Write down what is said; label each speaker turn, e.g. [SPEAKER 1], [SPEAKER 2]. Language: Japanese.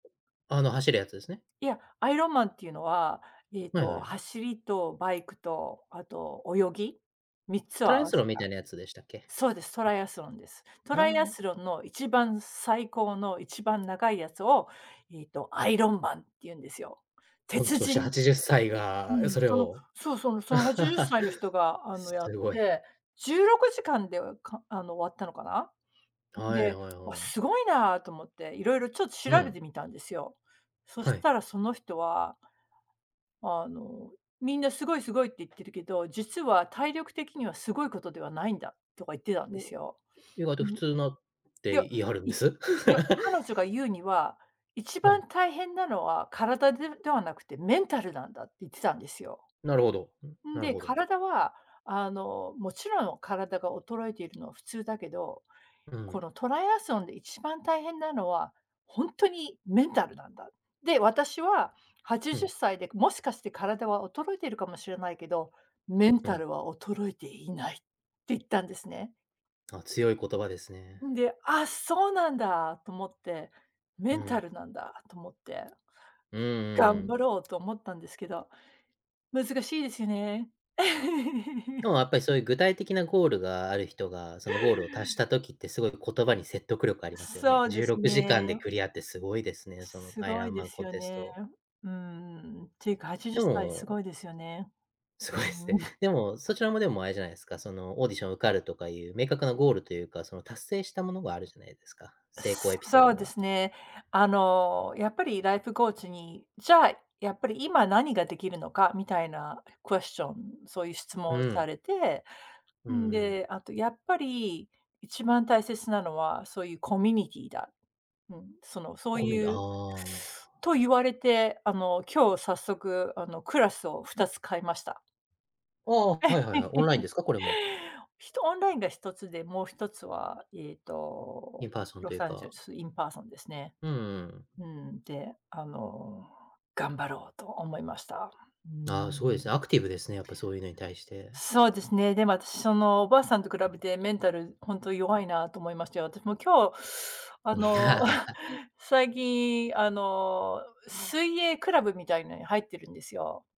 [SPEAKER 1] あの走るやつですね。
[SPEAKER 2] いや、アイロンマンっていうのは、ええ
[SPEAKER 1] はい
[SPEAKER 2] と、
[SPEAKER 1] はい。
[SPEAKER 2] 走りと、バイクと、あと泳ぎ、3つを
[SPEAKER 1] トラ
[SPEAKER 2] 合
[SPEAKER 1] イア
[SPEAKER 2] わ
[SPEAKER 1] ス
[SPEAKER 2] せ
[SPEAKER 1] ロンみた
[SPEAKER 2] た
[SPEAKER 1] いなやつでしたっけ？
[SPEAKER 2] そうです、トライアスロンです。ト
[SPEAKER 1] あ
[SPEAKER 2] ライア
[SPEAKER 1] あ。
[SPEAKER 2] スロンの一番最高の一番長いやつを、ええと、アイロンマンって言うんですよ。
[SPEAKER 1] 御
[SPEAKER 2] 鉄
[SPEAKER 1] 年
[SPEAKER 2] 人。
[SPEAKER 1] 80歳
[SPEAKER 2] う
[SPEAKER 1] が、
[SPEAKER 2] ん、
[SPEAKER 1] それ
[SPEAKER 2] その
[SPEAKER 1] を。
[SPEAKER 2] そうそう、その80歳の人 が、あの、やっ
[SPEAKER 1] 凄い。
[SPEAKER 2] て、16時間で、かあの、終わったのかな。うん、
[SPEAKER 1] はい
[SPEAKER 2] で、
[SPEAKER 1] はい
[SPEAKER 2] わ、
[SPEAKER 1] はい。
[SPEAKER 2] 凄いなと思って、色々ちょっ
[SPEAKER 1] う
[SPEAKER 2] 調べて
[SPEAKER 1] ん。
[SPEAKER 2] みたんですよ。そし
[SPEAKER 1] はい。
[SPEAKER 2] たらその人はあの、皆凄い、凄いって言ってるけど、実は体力的には凄い事ではないんだとか言ってたんです
[SPEAKER 1] も
[SPEAKER 2] よ。
[SPEAKER 1] う、ん、意外
[SPEAKER 2] う
[SPEAKER 1] と
[SPEAKER 2] ん。
[SPEAKER 1] 普
[SPEAKER 2] い
[SPEAKER 1] 通なっ
[SPEAKER 2] や、
[SPEAKER 1] て言い張るん
[SPEAKER 2] い
[SPEAKER 1] で
[SPEAKER 2] い
[SPEAKER 1] す。
[SPEAKER 2] や、彼女が 言うには、一
[SPEAKER 1] う
[SPEAKER 2] 番
[SPEAKER 1] ん。
[SPEAKER 2] 大変なのは体でではなくて、メンタルなんだって言ってたんですよ。
[SPEAKER 1] なるほど。うん、
[SPEAKER 2] ん
[SPEAKER 1] なる
[SPEAKER 2] で、
[SPEAKER 1] ほど。
[SPEAKER 2] 体は、あの、勿論、体が衰えているのは普通だけど、
[SPEAKER 1] う
[SPEAKER 2] こ
[SPEAKER 1] ん。
[SPEAKER 2] のトライアスロンで一番大変なのは、ほんとにメンタルなんだ。で、私は、はち
[SPEAKER 1] う
[SPEAKER 2] じゅっ
[SPEAKER 1] ん。
[SPEAKER 2] さいで、もしかして体は衰えてるかもしれないけど、メン
[SPEAKER 1] う
[SPEAKER 2] タ
[SPEAKER 1] ん。
[SPEAKER 2] ルは衰えていないって言ったんですね。
[SPEAKER 1] あ、強い言葉ですね。
[SPEAKER 2] んで、あ、そうなんだ、と思って、
[SPEAKER 1] う
[SPEAKER 2] メンタ
[SPEAKER 1] ん。
[SPEAKER 2] ルなんだ、と思って、
[SPEAKER 1] うんうんう
[SPEAKER 2] 頑
[SPEAKER 1] ん。
[SPEAKER 2] 張ろうと思ったんですけど、難しいですよね。
[SPEAKER 1] で もやっぱり、そういう具体的なゴールがある人が、そのゴールを達した時って、凄い言葉に説得力ありますよね。
[SPEAKER 2] そう
[SPEAKER 1] じ
[SPEAKER 2] で
[SPEAKER 1] ゅう
[SPEAKER 2] す
[SPEAKER 1] ろくじかんで
[SPEAKER 2] ね。
[SPEAKER 1] クリアって凄いですね、そのアイ
[SPEAKER 2] 凄
[SPEAKER 1] ア
[SPEAKER 2] い
[SPEAKER 1] ンマ
[SPEAKER 2] で
[SPEAKER 1] ン
[SPEAKER 2] す
[SPEAKER 1] コン
[SPEAKER 2] よ
[SPEAKER 1] テス
[SPEAKER 2] ね。
[SPEAKER 1] ト。
[SPEAKER 2] うーん、て言うか、はちじゅ
[SPEAKER 1] で
[SPEAKER 2] っさい凄
[SPEAKER 1] も
[SPEAKER 2] いですよね。
[SPEAKER 1] 凄いです
[SPEAKER 2] うー
[SPEAKER 1] ね。
[SPEAKER 2] ん。
[SPEAKER 1] でも、そち らもでも、あれじゃないですか、そのオーディション受かるとか言う、明確なゴールというか、その達成したものがあるじゃないですか。成功エピソー
[SPEAKER 2] そう
[SPEAKER 1] ド
[SPEAKER 2] で
[SPEAKER 1] が。
[SPEAKER 2] すね。あの、やっぱりライフコーチに、じゃあ、やっぱり今、何が出来るのか、みたいなクエスチョン、そういう質問
[SPEAKER 1] う
[SPEAKER 2] を
[SPEAKER 1] ー
[SPEAKER 2] さ
[SPEAKER 1] ん。
[SPEAKER 2] れて、
[SPEAKER 1] うん
[SPEAKER 2] ん
[SPEAKER 1] うん。
[SPEAKER 2] で、あとやっぱり一番大切なのは、そういうコミュニティーだ。うん、その、そう
[SPEAKER 1] コミュニティ、
[SPEAKER 2] いう
[SPEAKER 1] ああ。
[SPEAKER 2] と言われて、あの、今日早速、あの、クラスを2つ変えました。
[SPEAKER 1] ああ、はいはいはい。オンライン ですか？これも。
[SPEAKER 2] ひとオンラインが1つで、もう1つは、ええと、
[SPEAKER 1] インパーソン
[SPEAKER 2] ロ
[SPEAKER 1] という
[SPEAKER 2] サンゼル
[SPEAKER 1] か。
[SPEAKER 2] ス、インパーソンですね。
[SPEAKER 1] うんうん。
[SPEAKER 2] うーん、で、あの、頑張ろうと思いました。うー
[SPEAKER 1] ああ、凄いで
[SPEAKER 2] ん。
[SPEAKER 1] すね、アクティブですね、やっぱそういうのに対して。
[SPEAKER 2] そうですね。でも私、そのおばあさんと比べて、メンタルほんと弱いなと思いましたよ。私も今日、あ
[SPEAKER 1] うん。
[SPEAKER 2] の、最近、あの、水泳クラブみたいのに入ってるんですよ。